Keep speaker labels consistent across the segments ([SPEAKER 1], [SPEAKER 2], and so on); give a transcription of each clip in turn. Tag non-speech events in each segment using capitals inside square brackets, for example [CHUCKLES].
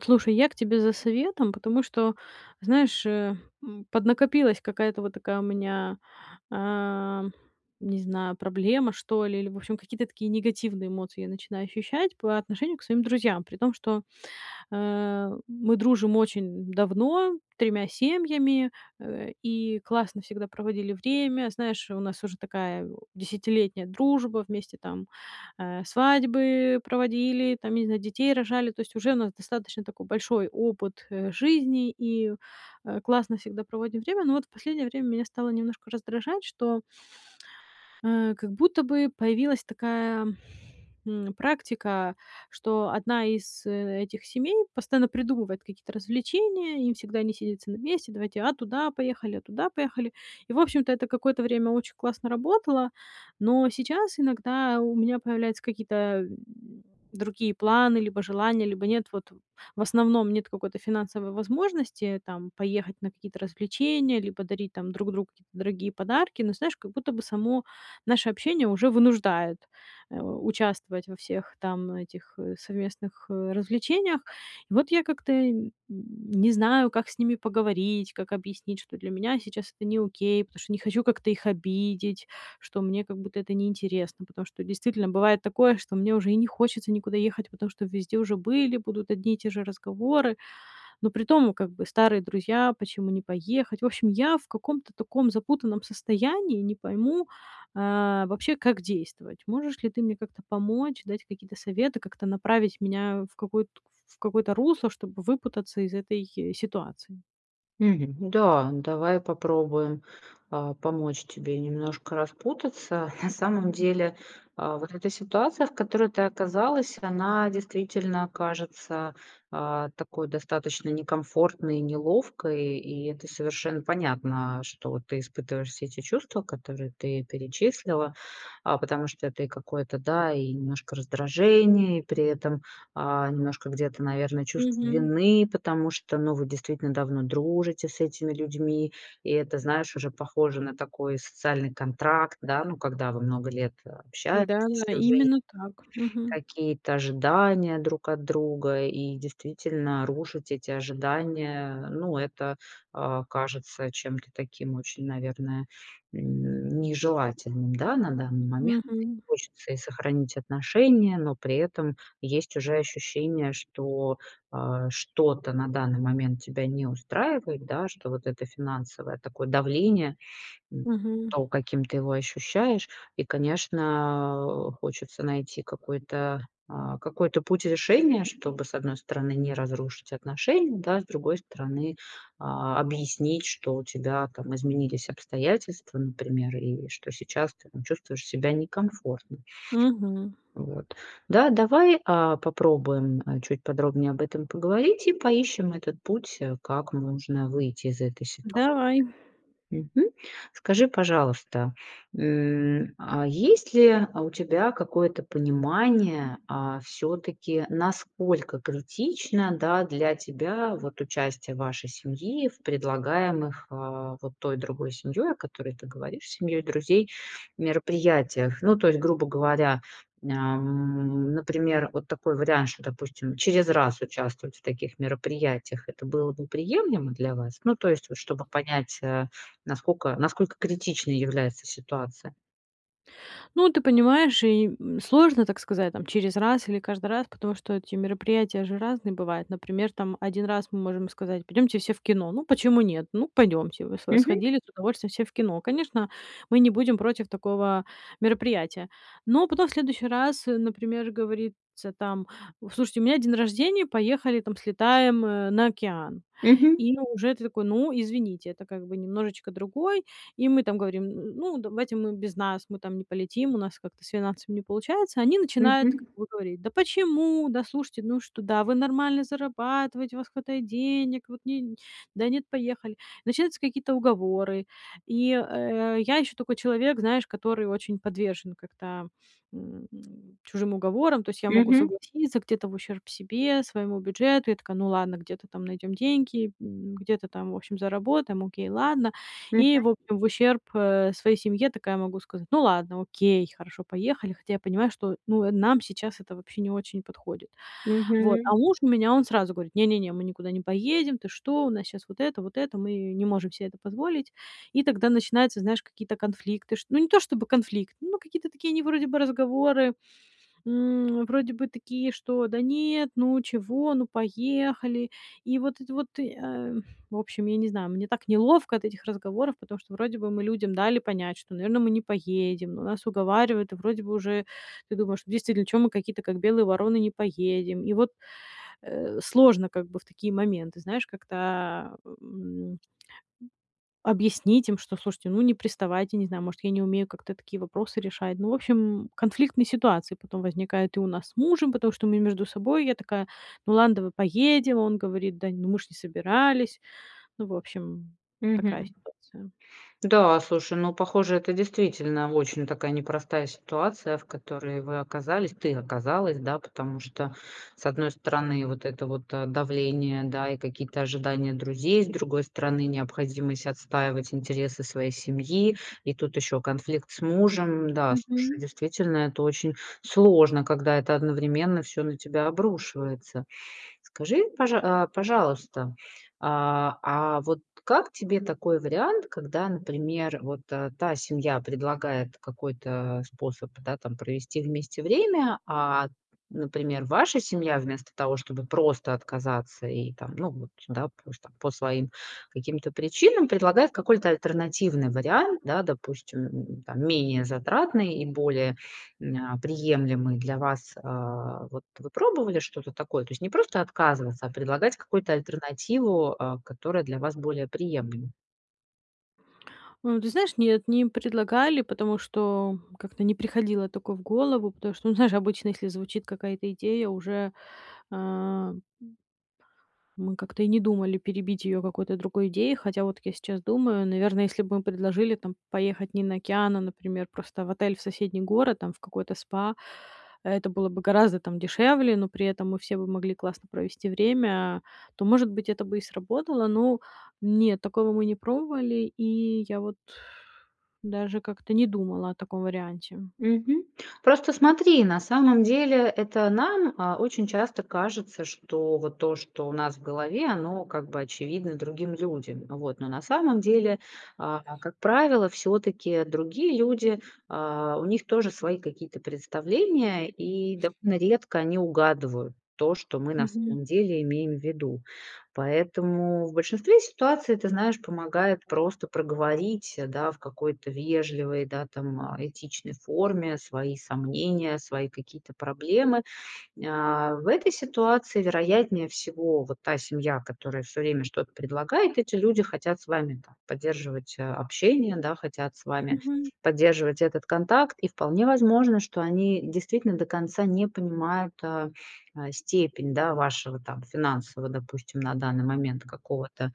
[SPEAKER 1] Слушай, я к тебе за советом, потому что, знаешь, э, м, поднакопилась какая-то вот такая у меня, ам, не знаю, проблема, что ли. Или, в общем, какие-то такие негативные эмоции я начинаю ощущать по отношению к своим друзьям. При том, что, а, мы дружим очень давно, 3 семьями, э, и классно всегда проводили время. Знаешь, у нас уже такая, у, десятилетняя дружба. Вместе там, э, свадьбы проводили, там, я не знаю, детей рожали. То есть уже у нас достаточно такой большой опыт, э, жизни, и, э, классно всегда проводим время. Но вот в последнее время меня стало немножко раздражать, что а, как будто бы появилась такая, м, практика, что одна из этих семей постоянно придумывает какие-то развлечения, им всегда не сидится на месте. "Давайте, а туда поехали, а туда поехали". И в общем-то это какое-то время очень классно работало. Но сейчас иногда у меня появляются какие-то, а, м, другие планы, либо желания, либо нет, вот в основном нет какой-то финансовой возможности там поехать на какие-то развлечения, либо дарить там друг другу какие-то дорогие подарки. Но знаешь, как будто бы само наше общение уже вынуждает, э, участвовать во всех там этих, э, совместных, э, развлечениях. И вот я как-то и н не знаю, как с ними поговорить, как объяснить, что для меня сейчас это не окей, потому что не хочу как-то их обидеть, что мне как будто это неинтересно. Потому что действительно бывает такое, что мне уже и не хочется никуда ехать, потому что везде уже были, будут одни и те же разговоры. Но притом как бы старые друзья, почему не поехать? В общем, я в каком-то таком запутанном состоянии не пойму, а, вообще, как действовать. Можешь ли ты мне как-то помочь, дать какие-то советы, как-то направить меня в какой-то в какое-то русло, чтобы выпутаться из этой ситуации.
[SPEAKER 2] Мгм, да, давай попробуем, а, помочь тебе немножко распутаться. На самом деле, а, вот эта ситуация, в которой ты оказалась, она действительно кажется, а, такой достаточно некомфортной, неловкой. И это совершенно понятно, что ты испытываешь все те чувства, которые ты перечислила, а, потому что это и какое-то, да, и немножко раздражение, и при этом, а, немножко где-то, наверное, чувство
[SPEAKER 1] Мгм.
[SPEAKER 2] вины, потому что, ну, вы действительно давно дружите с этими людьми. И это, знаешь, уже похоже на такой социальный контракт, да, ну, когда вы много лет общались,
[SPEAKER 1] Да,
[SPEAKER 2] уже есть
[SPEAKER 1] именно так, мгм.
[SPEAKER 2] какие-то ожидания друг от друга. И действительно, рушить эти ожидания, ну, это, а, кажется чем-то таким очень, наверное, м, нежелательным, да? На данный момент.
[SPEAKER 1] Мгм.
[SPEAKER 2] Хочется и сохранить отношения, но при этом есть уже ощущение, что, а, что-то на данный момент тебя не устраивает, да, что вот это финансовое такое давление, м,
[SPEAKER 1] Мгм.
[SPEAKER 2] то, каким ты его ощущаешь. И, конечно, э, хочется найти какой-то а, какой-то путь решения, чтобы, с одной стороны, не разрушить отношения, да, с другой стороны, а, объяснить, что у тебя там изменились обстоятельства, например, и что сейчас ты чувствуешь себя некомфортно.
[SPEAKER 1] Мгм.
[SPEAKER 2] Вот, да, давай, а, попробуем чуть подробнее об этом поговорить и поищем этот путь, э, как нужно выйти из этой ситуации.
[SPEAKER 1] Давай.
[SPEAKER 2] Мгм, скажи, пожалуйста, м, а, есть ли, а, у тебя какое-то понимание, а всё-таки, насколько критично, да, для тебя вот участие вашей семьи в предлагаемых, а, вот той другой семьей, о которой ты говоришь, семьей друзей, мероприятиях. Ну то есть, грубо говоря, ам, например, вот такой вариант, что, допустим, через раз участвовать в таких мероприятиях. Это было бы приемлемо для вас? Ну то есть чтобы понять, э, насколько насколько критичной является ситуация?
[SPEAKER 1] Ну, ты понимаешь, и, м, сложно, так сказать там, через раз или каждый раз, потому эти мероприятия же разные бывают. Например, там, один раз мы можем сказать: "Пойдемте все в кино". Ну, почему нет? Ну, пойдемте, вы схо
[SPEAKER 2] Мгм.
[SPEAKER 1] сходили с удовольствием все в кино. Конечно, мы не будем против такого мероприятия. Но потом в следующий раз, э, например, говорится там: "У, слушайте, у меня день рождения, поехали, там, слетаем, э, на океан".
[SPEAKER 2] Мгм.
[SPEAKER 1] И уже ты такой: "Ну, извините, это как бы немножечко другой". И мы там говорим: "М, ну, давайте вы без нас, мы там не полетим, у нас как-то с финансами не получается". Они начинают
[SPEAKER 2] Мгм.
[SPEAKER 1] как бы говорить: "Да почему, да, слушайте, ну что да, вы нормально зарабатываете, у вас хватает денег, вот не, да нет, поехали". Начинаются какие-то уговоры, и, э, я ещё такой человек, знаешь, который очень подвержен как-то, м, чужим уговорам. То есть я могу
[SPEAKER 2] Мгм.
[SPEAKER 1] согласиться где-то в ущерб себе, своему бюджету. Я такая: "Ну ладно, где-то там найдём деньги, м, где-то там, в общем, заработаем, окей, ладно". И,
[SPEAKER 2] Мгм.
[SPEAKER 1] в общем, в ущерб, э, своей семье такая могу сказать: "Ну ладно, окей, хорошо, поехали". Хотя я понимаю, что, ну, э, нам сейчас это вообще не очень подходит. Вот, а
[SPEAKER 2] Мгм.
[SPEAKER 1] муж у меня, он сразу говорит: "Не не не, мы никуда не поедем, ты что, у нас щас вот это, вот это, мы не можем се это позволить". И тогда начинаются, знаешь, какие-то конфликты шт ну, не то чтобы конфликты, но какие-то такие не вроде бы разговоры, м, вроде бы такие, что: "Да нет, ну чего, ну поехали". И вот это вот, и а, м, в общем, я не знаю, мне так неловко от этих разговоров, потому что вроде бы мы людям дали понять, что, наверно, мы не поедем, но нас уговаривают, и вроде бы уже ты думаешь: "Действительно, чё мы какие-то как белые вороны не поедем". И вот, э, сложно как бы в такие моменты, знаешь, как-то, а, м, объяснить им, что: "Слушайте, ну не приставайте". Не знаю, может, я не умею как-то такие вопросы решать. Ну, в общем, конфликтные ситуации потом возникают и у нас с мужем, потому что мы между собой. Я такая: "Ну ладно, давай поедем". Он говорит: "Да ну мы же не собирались". Ну, в общем, такая
[SPEAKER 2] Мгм.
[SPEAKER 1] ситуация.
[SPEAKER 2] Да, слушай, ну, похоже, это действительно очень такая непростая ситуация, в которой вы оказались, ты оказалась, да, потому что, с одной стороны, вот это вот, э, давление, да, и какие-то ожидания друзей, с другой стороны, необходимость отстаивать интересы своей семьи, и тут еще конфликт с мужем. Да, слушай,
[SPEAKER 1] Мгм.
[SPEAKER 2] действительно, это очень сложно, когда это одновременно всё на тебя обрушивается. Скажи, пожа а пожалуйста, а а вот как тебе такой вариант, когда, например, вот та семья предлагает какой-то способ, да, там провести вместе время, а, например, ваша семья, вместо того чтобы просто отказаться и там, ну вот, да, по с там по своим каким-то причинам, предлагает какой-то альтернативный вариант, да. Допустим, м, там менее затратный и более, м, а приемлемый для вас. А вот вы пробовали что-то такое? То есть не просто отказываться, а предлагать какую-то альтернативу, а, которая для вас более приемлема.
[SPEAKER 1] Ну, ты знаешь, нет, не предлагали, потому что, м, как-то не приходило такое в голову. Потому что, ну, знаешь, обычно, если звучит какая-то идея, уже а, м мы как-то и не думали перебить её какой-то другой идеей, хотя вот я сейчас думаю. Наверное, если б мы предложили там поехать не на океан, а, например, просто в отель в соседний город, там в какой-то спа, это было бы гораздо там дешевле, но при этом мы все бы могли классно провести время, то, может быть, это бы и сработало, но нет, такого мы не пробовали, и я вот даже как-то не думала о таком варианте.
[SPEAKER 2] Мгм. Просто смотри, на самом деле это нам, а, очень часто кажется, что вот то, что у нас в голове, оно как бы очевидно другим людям. Э, вот, но на самом деле, а, как правило, всё-таки другие люди, а, у них тоже свои какие-то представления, и довольно редко они угадывают то, что мы на
[SPEAKER 1] Мгм.
[SPEAKER 2] самом деле имеем в виду. Поэтому в большинстве ситуаций, ты знаешь, помогает просто проговорить, да, в какой-то вежливой, да, там, а, этичной форме свои сомнения, свои какие-то проблемы. А, в этой ситуации, вероятнее всего, вот та семья, которая всё время что-то предлагает- эти люди хотят с вами там поддерживать общение, да, хотят с вами
[SPEAKER 1] Мгм.
[SPEAKER 2] поддерживать этот контакт. И вполне возможно, что они действительно до конца не понимают, а, степень, да, вашего там финансового, допустим, на данный момент какого-то,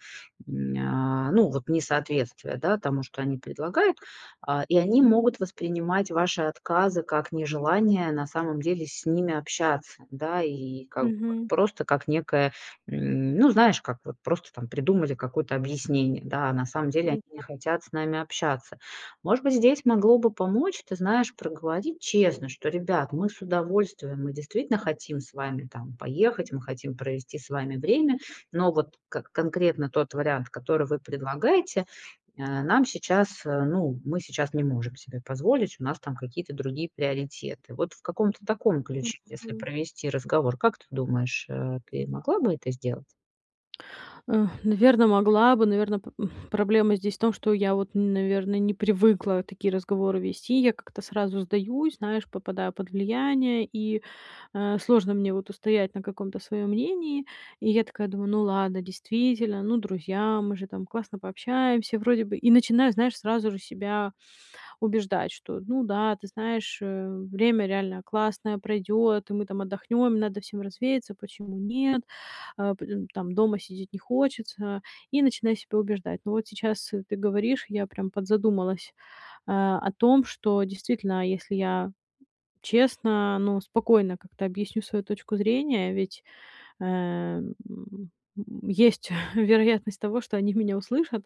[SPEAKER 2] м, а, ну вот несоответствия, да, тому, что они предлагают. А, и они могут воспринимать ваши отказы как нежелание на самом деле с ними общаться, да, и как бы
[SPEAKER 1] Мгм.
[SPEAKER 2] просто как некое, м, ну, знаешь, как вот просто там придумали какое-то объяснение, да, а на самом деле они
[SPEAKER 1] Мгм.
[SPEAKER 2] не хотят с нами общаться. Может быть, здесь могло бы помочь, ты знаешь, проговорить честно: "Ребят, мы с удовольствием, мы действительно хотим с вами там поехать, мы хотим провести с вами время. Но вот к конкретно тот вариант, который вы предлагаете, э, нам сейчас, ну, мы сейчас не можем себе позволить, у нас там какие-то другие приоритеты". Вот в каком-то таком ключе, если
[SPEAKER 1] Мгм.
[SPEAKER 2] провести разговор, как ты думаешь, э, ты могла бы это сделать?
[SPEAKER 1] Э, наверное, могла бы. Наверное, п проблема здесь в том, что я вот, наверное, не привыкла такие разговоры вести. Я как-то сразу сдаюсь, знаешь, попадаю под влияние, и, э, сложно мне вот устоять на каком-то своем мнении. И я такая думаю: "Ну ладно, действительно, ну, друзья, мы же там классно пообщаемся вроде бы". И начинаю, знаешь, сразу же себя убеждать, что ну да, ты знаешь, э, время реально классное пройдет, и мы там отдохнем, и надо всем развеяться. Почему нет? А, п там, дома сидеть не хочется. И начинаю себя убеждать. Ну вот сейчас, э, ты говоришь, я прям подзадумалась, а, о том, что действительно, если я честно, ну, спокойно как-то объясню свою точку зрения, ведь, эм, м, есть [CHUCKLES] вероятность того, что они меня услышат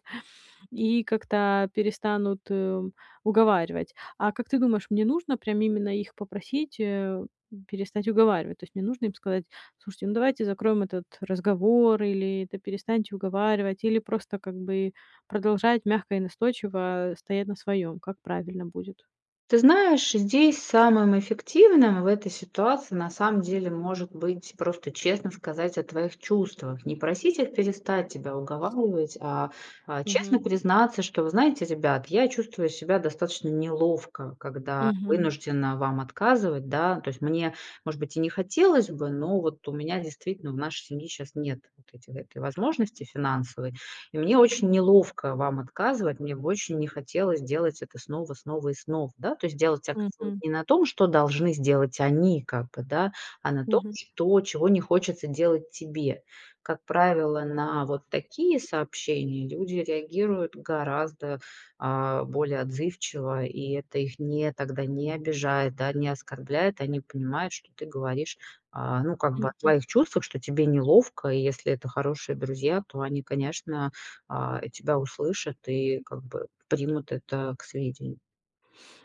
[SPEAKER 1] и как-то перестанут, э, уговаривать. А как ты думаешь, мне нужно прям именно их попросить, э, перестать уговаривать? То есть мне нужно им сказать: "Слушайте, ну давайте закроем этот разговор" или "Это, перестаньте уговаривать", или просто как бы продолжать мягко и настойчиво стоять на своем, как правильно будет?
[SPEAKER 2] Ты знаешь, здесь самым эффективным в этой ситуации, на самом деле, может быть просто честно сказать о твоих чувствах. Не просить их перестать тебя уговаривать, а а честно
[SPEAKER 1] Мгм.
[SPEAKER 2] признаться, что: "Вы знаете, ребят, я чувствую себя достаточно неловко, когда
[SPEAKER 1] Мгм.
[SPEAKER 2] вынуждена вам отказывать, да". То есть мне, может быть, и не хотелось бы, но вот у меня действительно в нашей семье сейчас нет вот эти этой возможности финансовой. И мне очень неловко вам отказывать. Мне бы очень не хотелось делать это снова, снова, снова. Да, то есть делать акцент
[SPEAKER 1] Мгм.
[SPEAKER 2] не на том, что должны сделать они, как бы, да, а на том,
[SPEAKER 1] Мгм.
[SPEAKER 2] что чего не хочется делать тебе. Как правило, на вот такие сообщения люди реагируют гораздо, а, более отзывчиво, и это их не тогда не обижает, да, не оскорляет. Они понимают, что ты говоришь, а, ну, как бы, о
[SPEAKER 1] Мгм.
[SPEAKER 2] своих чувствах, что тебе неловко. И если это хорошие друзья, то они, конечно, а, тебя услышат и, как бы, примут это к сведению.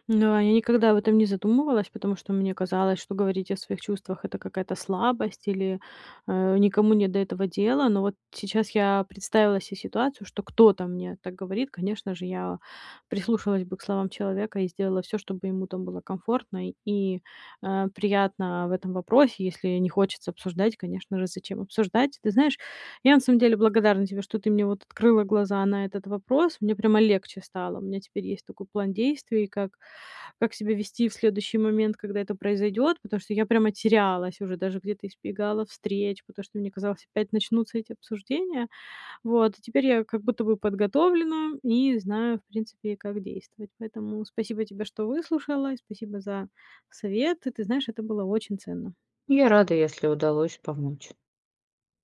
[SPEAKER 1] Да, я никогда об этом не задумывалась, потому что мне казалось, что говорить о своих чувствах- это какая-то слабость или, а, никому не до этого дела. Но вот сейчас я представила се ситуацию, что кто-то мне так говорит. Конечно же, я прислушалась бы к словам человека и сделала всё, чтобы ему там было комфортно и, э, приятно в этом вопросе. Если не хочется обсуждать, конечно же, зачем обсуждать. Ты знаешь, я на самом деле благодарна тебе, что ты мне вот открыла глаза на этот вопрос. Мне прямо легче стало. У меня теперь есть такой план действий, как как себя вести в следующий момент, когда это произойдет. Потому что я прямо терялась уже, даже где-то избегала встреч, потому что мне казалось: опять начнутся эти обсуждения. Вот, теперь я как будто бы подготовлена и знаю, в принципе, как действовать. Поэтому спасибо тебе, что выслушала, и спасибо за совет. И ты знаешь, это было очень ценно.
[SPEAKER 2] Я рада, если удалось помочь.